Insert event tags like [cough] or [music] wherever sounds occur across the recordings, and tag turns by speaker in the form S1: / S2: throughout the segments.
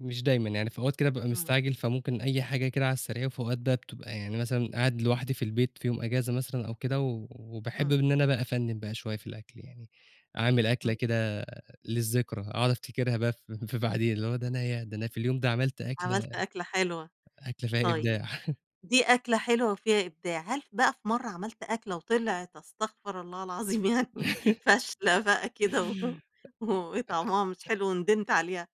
S1: مش دايمًا، يعني في أوقات كده بابقى
S2: إمم.
S1: مستعجل، فممكن أي حاجة كده على السريع. في أوقات بقى بتبقى يعني مثلًا، قاعد لوحدي في البيت في يوم إجازة مثلًا أو كده، و وباحب
S2: إمم.
S1: إن أنا بقى أفنِّن بقى شوية في الأكل يعني. أعمل أكلة
S2: إمم.
S1: كده للذّكرى، أقعد أفتكرها بقى ف في بعدين، اللي هو ده أنا ياه! ده أنا في اليوم ده عملت أكلة
S2: عملت أكلة حلوة،
S1: أكلة فيها
S2: طيب
S1: إبداع. [chuckles]
S2: دي أكلة حلوة وفيها إبداع هل بقى في مرّة عملت أكلة وطلعت أستغفر الله العظيم يعني
S1: [laughs]
S2: فاشلة بقى كده و و وطعمها مش حلو وندمت عليها؟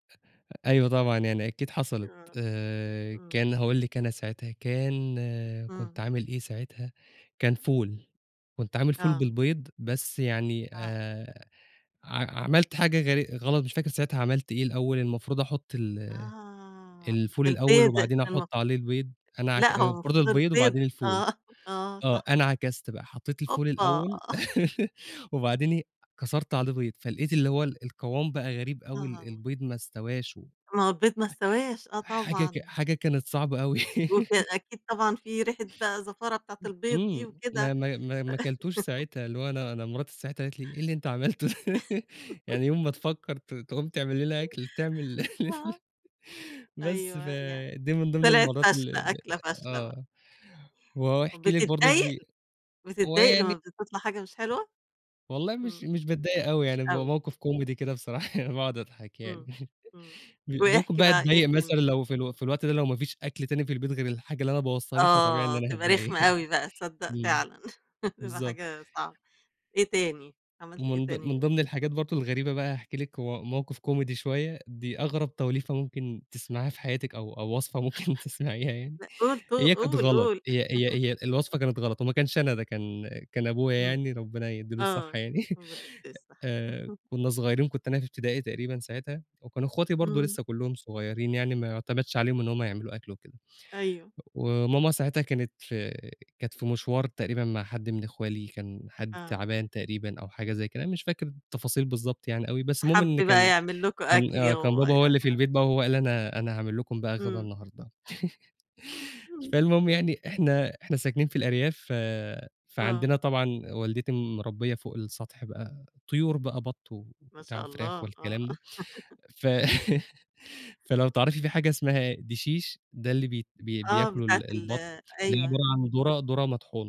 S1: أيوه طبعًا، يعني أكيد حصَلِت.
S2: آه،
S1: آآ،
S2: إمم.
S1: كان هاقول لِك، أنا ساعتها كان كنت
S2: إمم.
S1: عامل إيه ساعتها، كان فول، كنت عامل فول
S2: آه.
S1: بالبيض. بس يعني
S2: آه.
S1: آآ، ع عملت حاجة غـر غلَط، مش فاكر ساعتها عملت إيه. الأوَّل المفروض أحُطّ ال
S2: آه،
S1: الفول الأوَّل
S2: البيض
S1: وبعدين
S2: المف
S1: أحُطّ عليه البيض، أنا عك
S2: لأ، هو
S1: المفروض
S2: المفروض
S1: البيض
S2: البيض.
S1: وبعدين الفول.
S2: آه، آه،
S1: آه،
S2: صح.
S1: أنا عكَسِت بقى، حطِّيت الفول
S2: أوبا!
S1: الأوَّل
S2: [chuckles]
S1: [laughs] وبعدين إيه، كسَرت عليه بيض، فلقيت اللي هو القوام بقى غريب أوي، ال
S2: آه.
S1: البيض ما استواش و
S2: ما هو البيض ما استواش. آه،
S1: حاجة ك
S2: طبعًا.
S1: حاجة كانت صعبة أوي.
S2: وك
S1: [laughs]
S2: أكيد طبعًا، في ريحة بقى زفارة بتاعة البيض دي
S1: إمم، ما
S2: وكده.
S1: ما ما ما كَلتوش
S2: [laughs]
S1: ساعتها. اللي هو أنا أنا مراتي ساعتها قالِت لي: "إيه اللي أنتَ عمَلته ده؟" [laughs]
S2: [laughs]
S1: "يعني يوم ما تفكّر ت تقوم تعمل لينا أكل، تعمل" [laughs]
S2: آه.
S1: بس
S2: أيوه، يعني
S1: فدي من ضمن
S2: طلَعت
S1: المرَّات اللي
S2: فاشلة،
S1: اللي
S2: أكلة فاشلة بقى.
S1: آه، وهاحكي لِك برضه
S2: وبتضايق؟
S1: في هو
S2: بتضايق
S1: يعني
S2: لمّا بتطلَع حاجة مش حلوة؟
S1: والله، مش
S2: إمم،
S1: مش باتضايق أوي
S2: مش
S1: يعني، بيبقى
S2: أوي.
S1: موقِف comedy كده بصراحة يعني، [laughs] باقعد أضحك يعني.
S2: إمم،
S1: [laughs]
S2: إمم،
S1: ب ممكن
S2: واحكِ
S1: بقى
S2: بقى، إيه
S1: اتضايَق
S2: تاني؟
S1: مثلًا لو في ال في الوقت ده، لو مفيش أكل تاني في البيت غير الحاجة اللي أنا بوَّظتها دي، فطبيعي إن
S2: آه،
S1: أنا
S2: تبقى
S1: هاتضايَق
S2: رخمة
S1: يعني. [chuckles]
S2: أوي بقى تصدّق
S1: إمم،
S2: فعلًا. [laughs] تبقى
S1: بالضبط.
S2: حاجة صعبة، إيه تاني؟ عملت إيه
S1: ومن ض
S2: تاني؟
S1: من ضِمن الحاجات برضه الغريبة بقى، هاحكِي لِك، م موقِف comedy شوية، دي أغرَب توليفة ممكن تسمعيها في حياتِك، أو أو وصفة ممكن تسمعيها يعني.
S2: لأ، قُل ت
S1: هي كانت
S2: قُل،
S1: غلَط،
S2: قُل.
S1: هي هي
S2: [chuckles]
S1: هي الوصفة كانت غلَط، وما كانش، أنا ده كان كان أبويا
S2: إمم،
S1: يعني، ربنا يدِّي له الصحة
S2: آه،
S1: يعني.
S2: هو ده ده
S1: [chuckles]
S2: الصح.
S1: آآ،
S2: [chuckles]
S1: كنّا صغيِّرين، كنت أنا في ابتدائي تقريبًا ساعتها، وكانوا أخواتي برضه
S2: إمم.
S1: لسَّه كلُّهم صغيِّرين يعني، ما يُعتمَدش عليهم إن هُم يعملوا أكل وكده.
S2: أيوه.
S1: وماما ساعتها كانت في كانت في مِشوار، تقريبًا مع حد من أخوالي، كان حد
S2: آه.
S1: تعبان تقريبًا أو حاجة زي كده، مش فاكر التفاصيل بالضبط يعني أوي. بس المهم
S2: حَب
S1: إن
S2: بقى
S1: كان
S2: يعمل لكم
S1: كان
S2: أكل
S1: آه، كان بابا
S2: هو
S1: هو اللي في
S2: [unintelligible]
S1: البيت بقى، هو قال: "أنا أنا هاعمل لكم بقى غدا
S2: إمم.
S1: النهارده." [laughs]
S2: إمم.
S1: فالمهم يعني، إحنا إحنا ساكنين في الأرياف، ف
S2: آه.
S1: فعندنا طبعًا، والدتي مربِّية فوق السطح بقى، طيور بقى، بَطّ
S2: ما
S1: وبتاع
S2: شاء
S1: وفراخ
S2: الله، آه.
S1: والكلام ده.
S2: [laughs]
S1: ف [laughs] فلو تعرفي في حاجة اسمها دشيش، ده اللي بي بي
S2: آه،
S1: بياكُله
S2: بتاعة ال
S1: البَطّ، بيبقى
S2: أيوه.
S1: عِبارة عن دُرة دُرة مطحونة.